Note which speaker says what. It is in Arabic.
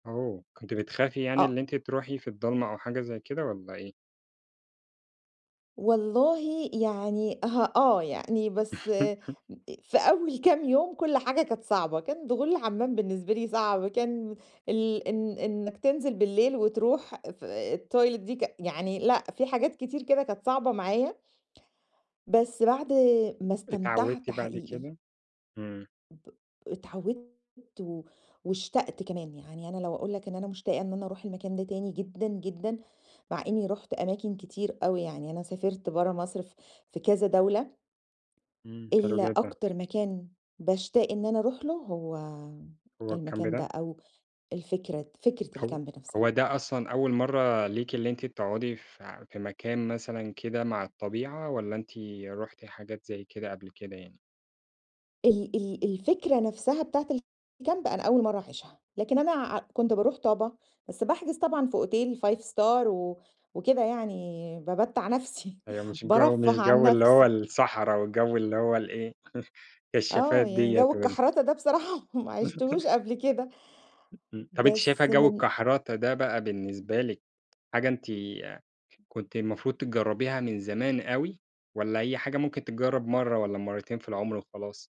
Speaker 1: أوه! كنتِ بتخافي يعني إن
Speaker 2: آه.
Speaker 1: أنت تروحي في الضلمة أو حاجة زي كده والَّا إيه؟
Speaker 2: والله، يعني آه، آه، يعني بس أ في أول كام يوم كل حاجة كانت صعبة، كان دخول لحمام بالنسبة لي صعب، كان ال إن إنك تنزل بالليل وتروح في آآ، الToilet دي ك يعني لأ في حاجات كتير كده كانت صعبة معايا، بس بعد ما
Speaker 1: اتعودتِ
Speaker 2: استمتعت
Speaker 1: بعد
Speaker 2: حقيقي.
Speaker 1: كده؟ إمم.
Speaker 2: ب اتعودت و واشتقت كمان، يعني أنا لو أقول لك إن أنا مشتاقة إن أنا أروح المكان ده تاني جدًا، جدًا، مع إني رُحت أماكن كتير أوي يعني أنا سافرت برّه مصر في في كذا دولة.
Speaker 1: إمم، حلو
Speaker 2: ال
Speaker 1: جدًا.
Speaker 2: أكتر مكان باشتاق إن أنا أروح له هو
Speaker 1: هو الكامب
Speaker 2: المكان ده
Speaker 1: ده؟
Speaker 2: أو الفكرة فكرة
Speaker 1: هو
Speaker 2: الكامب
Speaker 1: هو
Speaker 2: نفسها.
Speaker 1: ده أصلًا أول مرّة ليكِ اللي أنتِ تقعدي في في مكان مثلًا كده مع الطبيعة، والَّا أنتِ رُحتِ حاجات زي كده قبل كده يعني؟
Speaker 2: ال ال الفكرة نفسها بتاعة الكامب، أنا أول مرّة أعيشها، لكن أنا ع كنت باروح طابا بس باحجز طبعًا في أوتيل 5-star و وكده يعني بامتّع نفسي،
Speaker 1: أيوة مش جو مش
Speaker 2: بارفه عن
Speaker 1: جو اللي هو
Speaker 2: نفسي.
Speaker 1: الصحرا، وجو اللي هو الإيه
Speaker 2: آه،
Speaker 1: كشافات
Speaker 2: يعني
Speaker 1: ديّة
Speaker 2: جو
Speaker 1: وال
Speaker 2: الكحرته ده بصراحة ما عِشتهوش قبل كده،
Speaker 1: إمم، طب أنتِ شايفة
Speaker 2: بس
Speaker 1: جو
Speaker 2: من
Speaker 1: الكحرتة ده بقى بالنسبة لِك، حاجة أنتِ كنتِ المفروض تجربيها من زمان أوي، والَّا هي حاجة ممكن تتجرب مرّة، والَّا مرتين في العمر وخلاص؟